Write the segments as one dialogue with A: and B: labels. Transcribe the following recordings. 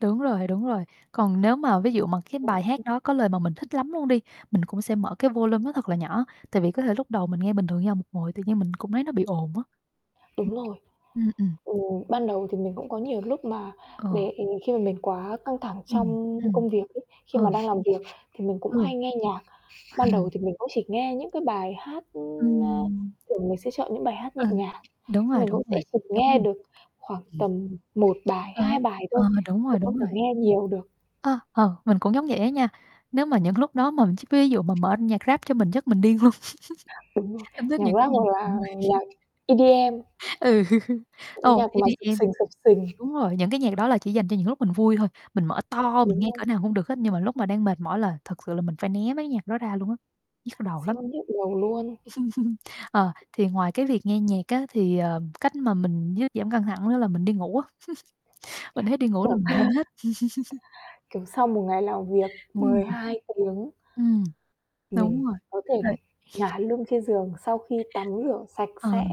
A: Đúng rồi, đúng rồi. Còn nếu mà ví dụ mà cái bài hát
B: [unintelligible]
A: đó có lời mà mình thích lắm luôn đi, mình cũng sẽ mở cái volume nó thật là nhỏ, tại vì có thể lúc đầu mình nghe bình thường nha, một hồi tự nhiên mình cũng thấy nó bị ồn á.
B: Đúng rồi.
A: [unintelligible] Ừm, ừm.
B: Ừ, ban đầu thì mình cũng có nhiều lúc mà
A: Ồ.
B: để khi mà mình quá căng thẳng
A: Ừm.
B: trong
A: Ừm.
B: công việc ấy, khi mà
A: Ừ.
B: đang làm việc thì mình cũng
A: Ừ.
B: hay nghe nhạc. Ban đầu thì mình cũng chỉ nghe những cái bài hát, ưm, a
A: Ừm.
B: thường mình sẽ chọn những bài hát nhẹ
A: Ừ,
B: nhàng,
A: đúng
B: nhưng
A: rồi,
B: mình
A: đúng
B: cũng sẽ
A: rồi.
B: chỉ
A: Giống
B: nghe
A: mình.
B: được khoảng
A: Ừm.
B: tầm 1 bài,
A: Ờ,
B: 2 bài
A: ờ,
B: thôi,
A: đúng
B: chứ
A: rồi,
B: không
A: đúng
B: thể
A: rồi!
B: nghe nhiều được.
A: Ơ, ờ, mình cũng giống vậy á nha. Nếu mà những lúc đó mà mình ch ví dụ mà mở nhạc rap cho mình chắc mình điên luôn.
B: Đúng rồi,
A: Em thích
B: nhạc
A: những cái
B: rap
A: gì
B: hoặc
A: [unintelligible]
B: là nhạc EDM.
A: Ừ.
B: Những cái
A: Ô,
B: nhạc mà xập
A: EDM
B: xình, xập xình.
A: đúng rồi, những cái nhạc đó là chỉ dành cho những lúc mình vui thôi, mình mở to mình nghe cỡ
B: [unintelligible]
A: nào cũng được hết, nhưng mà lúc mà đang mệt mỏi là thực sự là mình phải né mấy cái nhạc đó ra luôn á, nhức đầu lắm.
B: Siêu nhức đầu luôn.
A: Ờ, thì ngoài cái việc nghe nhạc á, thì, ờ, cách mà mình dứ giảm căng thẳng nữa là mình đi ngủ á. Mnh thấy đi ngủ là mình
B: [unintelligible]
A: quên hết.
B: kiểu, sau một ngày làm việc
A: Ừm.
B: 12 tiếng
A: Ừm.
B: mình
A: Đúng rồi,
B: có thể
A: [unintelligible]
B: ngả lưng trên giường sau khi tắm rửa sạch
A: Ờ.
B: sẽ,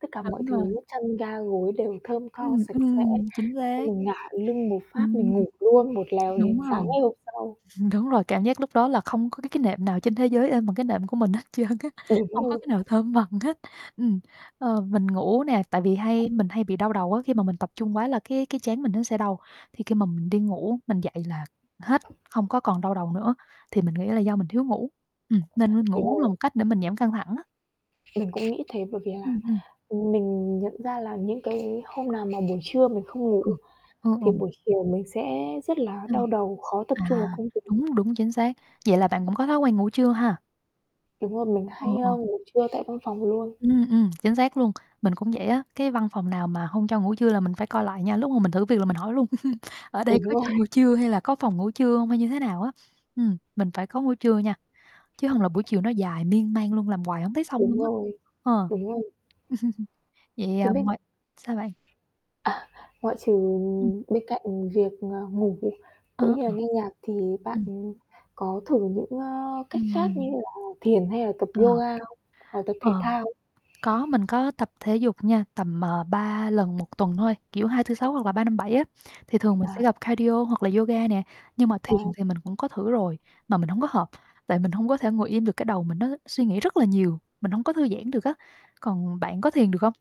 B: tất cả mọi
A: Đúng rồi.
B: thứ chăn ga gối đều thơm tho
A: Ừm,
B: sạch sẽ,
A: ừm, chính
B: xong
A: xác.
B: mình ngả lưng một phát,
A: Ừm.
B: mình ngủ luôn một lèo đến
A: Đúng
B: sáng
A: rồi.
B: ngày hôm sau.
A: Đúng rồi, cảm giác lúc đó là không có cái cái nệm nào trên thế giới êm bằng cái nệm của mình hết trơn á,
B: Ừm,
A: hông có cái
B: [unintelligible]
A: nào thơm bằng hết. Ừm, ờ, mình ngủ nè, tại vì hay
B: [unintelligible]
A: mình hay bị đau đầu á, khi mà mình tập trung quá là cái cái trán mình nó sẽ đau, thì khi mà mình đi ngủ mình dậy là hết, không có còn đau đầu nữa. Thì mình nghĩ là do mình thiếu ngủ, ừm, nên mình
B: Đúng
A: ngủ cũng là
B: rồi.
A: một cách để mình giảm căng thẳng á.
B: Mình cũng nghĩ thế, bởi vì là,
A: Ừm, ừm.
B: ừm, mình nhận ra là những cái hôm nào mà buổi trưa mình không ngủ
A: Ờ.
B: ấy,
A: Ơ,
B: thì
A: ừm.
B: buổi chiều mình sẽ rất là đau
A: [unintelligible]
B: đầu, khó tập
A: À,
B: trung vào công việc.
A: đúng, đúng, chính xác. Vậy là bạn cũng có thói quen ngủ trưa ha?
B: Đúng rồi. Mình
A: Ồ,
B: hay,
A: ồ.
B: ơ, ngủ trưa tại văn phòng luôn.
A: Ừm, ừm, chính xác luôn, mình cũng vậy á. Cái văn phòng nào mà hông cho ngủ trưa là mình phải coi lại nha, lúc mà mình thử việc là mình hỏi luôn "Ở đây
B: Đúng
A: có
B: rồi.
A: cho ngủ trưa hay là có phòng ngủ trưa hông? Hay như thế nào á?" Ừm, mình phải có ngủ trưa nha, chứ hông là buổi chiều nó dài miên man luôn, làm quài hổng thấy xong luôn
B: Đúng
A: á.
B: rồi,
A: Ờ.
B: đúng rồi!
A: Vậy,
B: Thế
A: ờ, m
B: minh
A: sao bạn?
B: À, ngoại trừ,
A: Ừm.
B: ừm, bên cạnh, ừm, việc, ờ, ngủ đi,
A: Ơ,
B: cũng như là
A: ờ.
B: nghe nhạc, thì bạn
A: Ừm.
B: có thử những, ơ, cách khác như
A: Ừm.
B: là thiền hay là tập
A: Ờ.
B: yoga không, hoặc là tập thể
A: Ờ,
B: thao không?
A: có, mình có tập thể dục nha. Tầm, à, 3 lần 1 tuần thôi, kiểu hai, tư, sáu hoặc là ba, năm, bảy á, thì thường mình sẽ
B: À.
A: tập Cardio hoặc là yoga nè. Nhưng mà thiền
B: À.
A: thì mình cũng có thử rồi, mà mình hổng có hợp, tại mình hông có thể ngồi im được, cái đầu mình nó suy nghĩ rất là nhiều, mình hổng có thư giãn được á. Còn bạn có thiền được không?